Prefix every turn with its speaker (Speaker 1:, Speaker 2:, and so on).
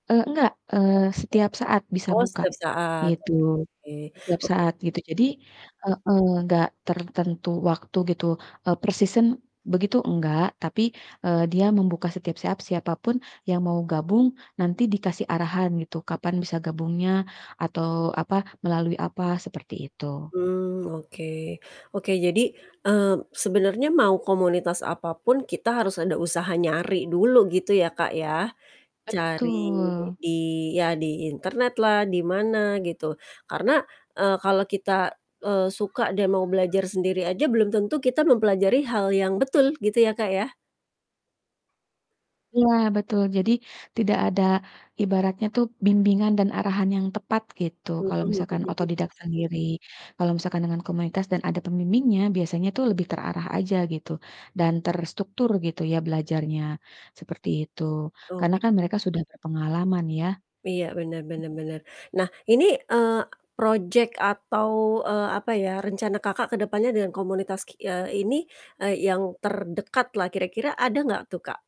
Speaker 1: Eee, nggak, eee, setiap saat bisa
Speaker 2: Oh,
Speaker 1: buka,
Speaker 2: setiap saat, oke.
Speaker 1: gitu, setiap
Speaker 2: Oke.
Speaker 1: saat gitu, jadi heeh, enggak tertentu waktu gitu, per season begitu enggak, tapi, eee, dia membuka setiap saat siapapun yang mau gabung, nanti dikasih arahan gitu, kapan bisa gabungnya atau, apa, melalui apa, seperti itu.
Speaker 2: Mmm, oke. Oke, jadi, mmm, sebenarnya mau komunitas apapun, kita harus ada usaha nyari dulu gitu ya, Kak, ya, cari
Speaker 1: Betul.
Speaker 2: di ya, di internet lah, di mana gitu, karena, eee, kalau kita, eee, suka deh mau belajar sendiri aja belum tentu kita mempelajari hal yang betul, gitu ya, Kak, ya.
Speaker 1: Iya, betul, jadi tidak ada ibaratnya tuh bimbingan dan arahan yang tepat gitu,
Speaker 2: Mhm
Speaker 1: kalau
Speaker 2: mhm
Speaker 1: misalkan
Speaker 2: mhm.
Speaker 1: autodidak sendiri, kalau misalkan dengan komunitas dan ada pembimbingnya, biasanya tuh lebih terarah aja gitu dan terstruktur gitu ya, belajarnya. Seperti itu. Karena
Speaker 2: Oke.
Speaker 1: kan mereka sudah berpengalaman ya.
Speaker 2: Iya, bener bener bener. Nah, ini, eee, project atau, eee, apa ya, rencana Kakak ke depannya dengan komunitas ki eee, ini, eee, yang terdekat lah kira-kira, ada gak tuh, Kak?